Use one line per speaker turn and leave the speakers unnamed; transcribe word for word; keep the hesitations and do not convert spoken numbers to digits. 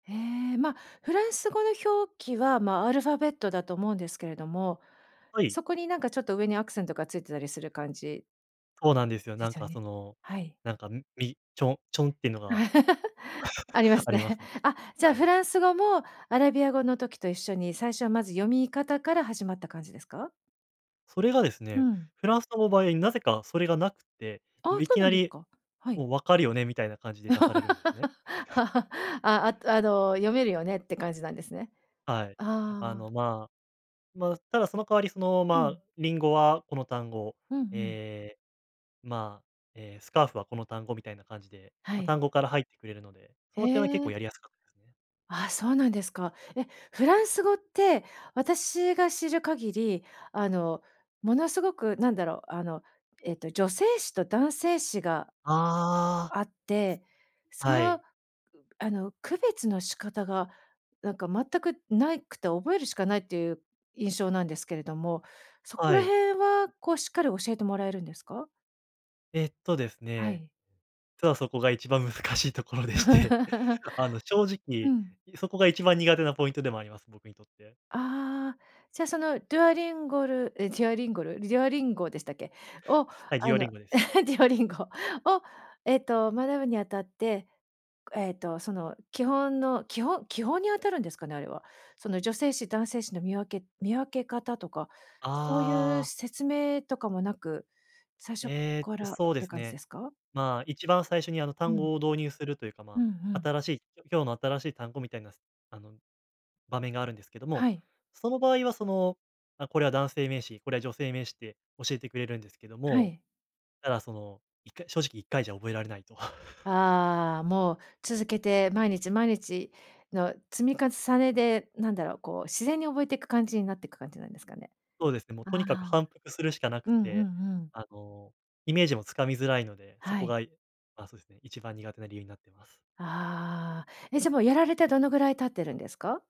ええ、ま、フランス語の表記は、ま、アルファベットだと思うんですけれども、
はい。
そこになんかちょっと上にアクセントがついてたりする感じ
そうなんですよ。
で
なん
すよ
かそ
ね？
の、
はい。
なんか、ん、みちょちょんっていうのが、
ありま す
ありま
ね。
すね。
あ、じゃ
は
フ
い。
ランス語もアラビア語の時と一緒に最初はまず読み方から始まった感じですか？
それがです
う
ね、
ん。
フランス語の場合、なぜかそれがなくって、
あ
も
あ、
うい
そう
き
なん
な
です
り
か、はい。
もう「わかるよね」みたいな感じで出されるんですね。
あ、あっあの、読めるよねって感じなんですね。
はい。
あ
あ
あ。
の、まあ、ま、ただその代わりその、
う
ま、
ん。
リンゴはこの単語、
うんうん。
ええ、ま、ええ、スカーフはこの単語みたいな感じで、
は
ま、
い。
単語から入ってくれるので、そ
へ
の点は結構
え。
やりやすかったです。
ああ、そうなんですか。え、フランス語って私が知る限り、あの、ものすごくなんだろう、あの、えっと、女性詞と男性詞が
ああ。
あって、そ
は
の、
い。
あの区別の仕方がなんか全くないくて覚えるしかないっていう印象なんですけれども、そこ
は
ら
い。
辺はこうしっかり教えてもらえるんですか？
えっとです
は
ね、
い。
ちょとそこが一番難しいところでして、あの正
う
直、
ん。
いそこが一番苦手なポイントでもあります、僕にとって。
ああ、じゃ、そのドゥアリンゴル、え、ジアリンゴル？デュオリンゴでしたっけ？を
はい、
あ
ギオリ
の
ンゴです。
デュアリンゴをえっと、学ぶにあたって、えっとその基本の、基ほ基本に当たるんですかね？あれは。その女性詞、男性詞の見分け見分け方とか、そうい
あ
う
あ。
説明とかもなく、最初っ
えっ
か
と、
らっ
そうで
て
す
感じで
ね、
すか？
ま、一番最初にあの
う
単
ん。
語を導入するというか、
う
ま、
んうん。
新しい、きょ今日の新しい単語みたいなスあの、場面があるんですけども、
はい。
その場合はその、ま、これは男性名詞、これは女性名詞って教えてくれるんですけど
は
も、
い。
ただそのいっかい正直いっかいじゃ覚えられないと。
ああ、もう続けて毎日毎日の積み重ねで、なんだろう、こう自然に覚えていく感じになってく感じなんですかね。
そうですね、も
あ
とにかく
あ。
反復するしかな
う
く
んうん
て、
うん。
あのイメージもつかみづらいので、そ
は
こ
い。
が、いあ、そうですね、一番苦手な理由になってます。
ああ。え、じゃ、もうやられてどのぐらい経ってるんですか？